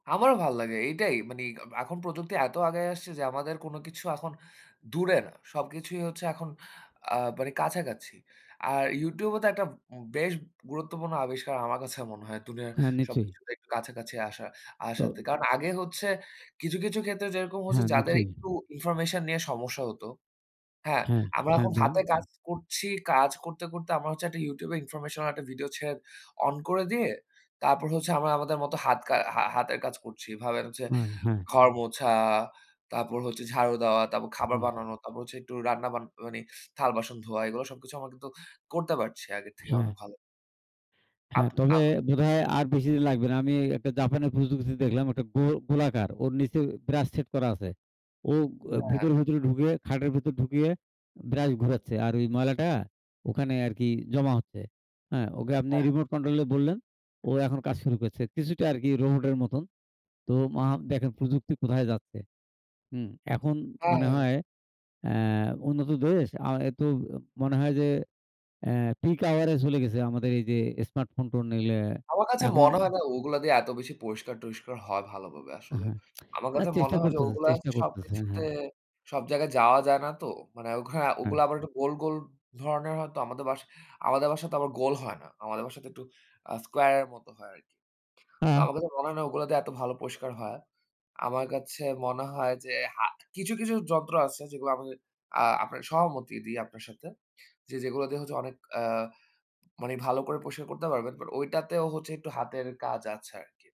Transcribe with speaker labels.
Speaker 1: আমারও ভাল লাগে। এইটাই মানি আ এখন প্রযুক্তি এত আগাই আসছে যে আমাদের কোনো কিছু এখন দূরে না। সবকিছুই হচ্ছে এখন আ মানে কাছাকাছি। আর YouTube ও তো একটা উম বেশ গুরুত্বপূর্ণ আবিষ্কার আমার কাছে মনে হয়। দুনিয়ার
Speaker 2: হ্যাঁ, নিশ্চয়ই।
Speaker 1: সবকিছুতে একটু কাছাকাছি আসা
Speaker 2: তো
Speaker 1: আসাতে। কারণ আগে হচ্ছে কিছু, কিছু ক্ষেত্রে যেরকম হচ্ছে
Speaker 2: হ্যাঁ,
Speaker 1: যাদের
Speaker 2: নিশ্চয়ই।
Speaker 1: একটু ইনফরমেশন নিয়ে সমস্যা হতো হ্যাঁ,
Speaker 2: হ্যাঁ,
Speaker 1: আমরা
Speaker 2: হ্যাঁ,
Speaker 1: এখন
Speaker 2: বলুন।
Speaker 1: হাতে
Speaker 2: উ
Speaker 1: কাজ করছি। কাজ করতে, করতে আমার হচ্ছে একটা YouTube এ ইনফরমেশনাল একটা ভিডিও ছেড়ে অন করে দিয়ে তারপর হচ্ছে আমরা আমাদের মতো হাত কা হা হাতের কাজ করছি। এভাবে হচ্ছে
Speaker 2: আ হ্যাঁ।
Speaker 1: ঘর মোছা, তারপর হচ্ছে ঝাড়ু দেওয়া, তারপর
Speaker 2: উ
Speaker 1: খাবার
Speaker 2: হু।
Speaker 1: বানানো, তারপর হচ্ছে একটু রান্না বান মানি থাল বাসন ধোয়া এগুলা সবকিছু আমরা কিন্তু করতে পারছি আগের থেকে
Speaker 2: হ্যাঁ।
Speaker 1: অনেক ভালো। আপ
Speaker 2: হ্যাঁ, তবে
Speaker 1: আম
Speaker 2: বোধহয় আর বেশি দিন লাগবে না। আমি একটা জাপানের প্রযুক্তি দেখলাম, ওইটা গো গোলাকার। ওর নিচে ব্রাশ সেট করা আছে। ও গো
Speaker 1: হ্যাঁ।
Speaker 2: ভিতরে, ভিতরে ঢুকিয়ে খাটের ভেতর ঢুকিয়ে ব্রাশ ঘুরাচ্ছে। আর ওই ময়লাটা ওখানে আরকি জমা হচ্ছে। অ্যা ওকে আপনি
Speaker 1: এহ
Speaker 2: রিমোট কন্ট্রোলে বললেন, ও এখন কাজ শুরু করেছে। কিছুটা আরকি রোবটের মতন। তো মা দেখেন, প্রযুক্তি কোথায় যাচ্ছে? হুম। এখন মানে
Speaker 1: আ
Speaker 2: হয় অ্যা উন্নত দেশ আ এতো অ মনে হয় যে অ্যা পিক আওয়ারে চলে গেছে আমাদের এইযে স্মার্ট ফোন-টোন নিলে।
Speaker 1: আমার কাছে
Speaker 2: এখন
Speaker 1: মনে হয় না ওগুলা দিয়ে এত বেশি পরিষ্কার-টরিস্কার হয় ভালোভাবে
Speaker 2: আ
Speaker 1: আসলে।
Speaker 2: হ্যাঁ।
Speaker 1: আমার
Speaker 2: না
Speaker 1: কাছে মনে
Speaker 2: চেষ্টা
Speaker 1: হয় যে
Speaker 2: করতেছে।
Speaker 1: ওগুলা
Speaker 2: চেষ্টা করতেছে
Speaker 1: সবকিছুতে
Speaker 2: হ্যাঁ।
Speaker 1: সব জায়গায় যাওয়া যায় না তো। মানে অঘরা ওগুলা
Speaker 2: হ্যাঁ।
Speaker 1: আবার একটু গোল, গোল ধরনের হয়তো। আমাদের বাসায় আমাদের বাসায় তো আবার গোল হয় না। আমাদের বাসাতে একটু আ স্কয়ারের মতো হয় আরকি। তো
Speaker 2: আ
Speaker 1: আমার কাছে মনে হয় না ওগুলা দিয়ে এত ভালো পরিষ্কার হয়। আমার কাছে মনে হয় যে হাত কিছু, কিছু যন্ত্র আছে যেগুলা আমি আ আপনার সহমতই দি আপনার সাথে। যে যেগুলা দিয়ে হচ্ছে অনেক আ মানি ভালো করে পরিষ্কার করতে পারবেন। বাট ওইটাতেও হচ্ছে একটু হাতের কাজ আছে আরকি।